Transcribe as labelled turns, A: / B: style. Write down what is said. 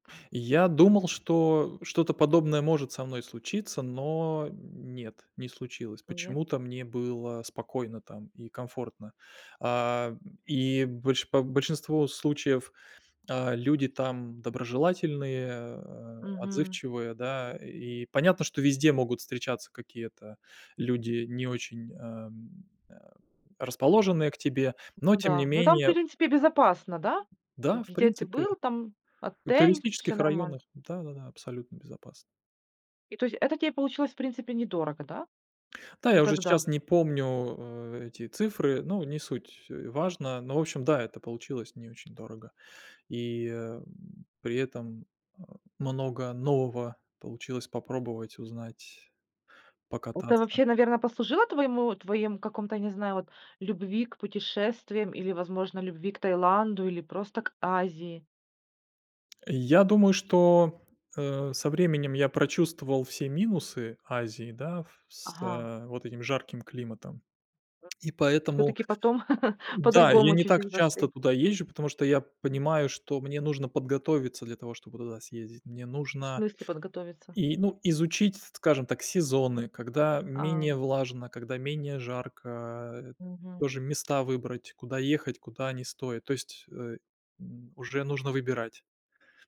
A: Я думал, что что-то подобное может со мной случиться, но, м, нет, не случилось.
B: Ну нет.
A: Почему-то мне было спокойно там и комфортно. А, м, и больше по большинство случаев, а люди там доброжелательные, э,
B: Мгм.
A: отзывчивые, да. И понятно, что везде могут встречаться какие-то люди, не очень, эм, э, расположенные к тебе, но
B: Ну
A: тем не
B: да, ну, там, в
A: менее
B: принципе, безопасно, да? Э,
A: Да, в
B: где ты
A: принципе.
B: был? Там
A: У
B: отель, всё
A: туристических районах,
B: нормально.
A: да-да-да, абсолютно безопасно.
B: И то есть это тебе получилось, в принципе, недорого, да?
A: Та,
B: Ну
A: я уже щас
B: тогда.
A: не помню, э эти цифры, ну, не суть, э, важно. Но, в общем, да, это получилось не очень дорого. И, м, при этом, а, много нового получилось попробовать, узнать,
B: Это
A: покататься.
B: вообще, наверно, послужило твоему твоим каком-то, я не знаю, вот, любви к путешествиям или, возможно, любви к Таиланду или просто к Азии?
A: Я думаю, что, э, со временем я прочувствовал все минусы Азии, да, в с
B: Ага.
A: э, вот этим жарким климатом. И поэтому
B: Всё-таки потом
A: да, я
B: по-другому
A: не так
B: чуть-чуть
A: часто
B: воспри
A: туда езжу, потому что я понимаю, что мне нужно подготовиться для того, чтобы туда съездить. Мне
B: В
A: нужно
B: смысле подготовиться?
A: и, ну, изучить, скажем так, сезоны, когда
B: А.
A: менее влажно, когда менее жарко, а
B: Мгм.
A: тоже места выбрать, куда ехать, куда не стоит. То есть, э, м, уже нужно выбирать.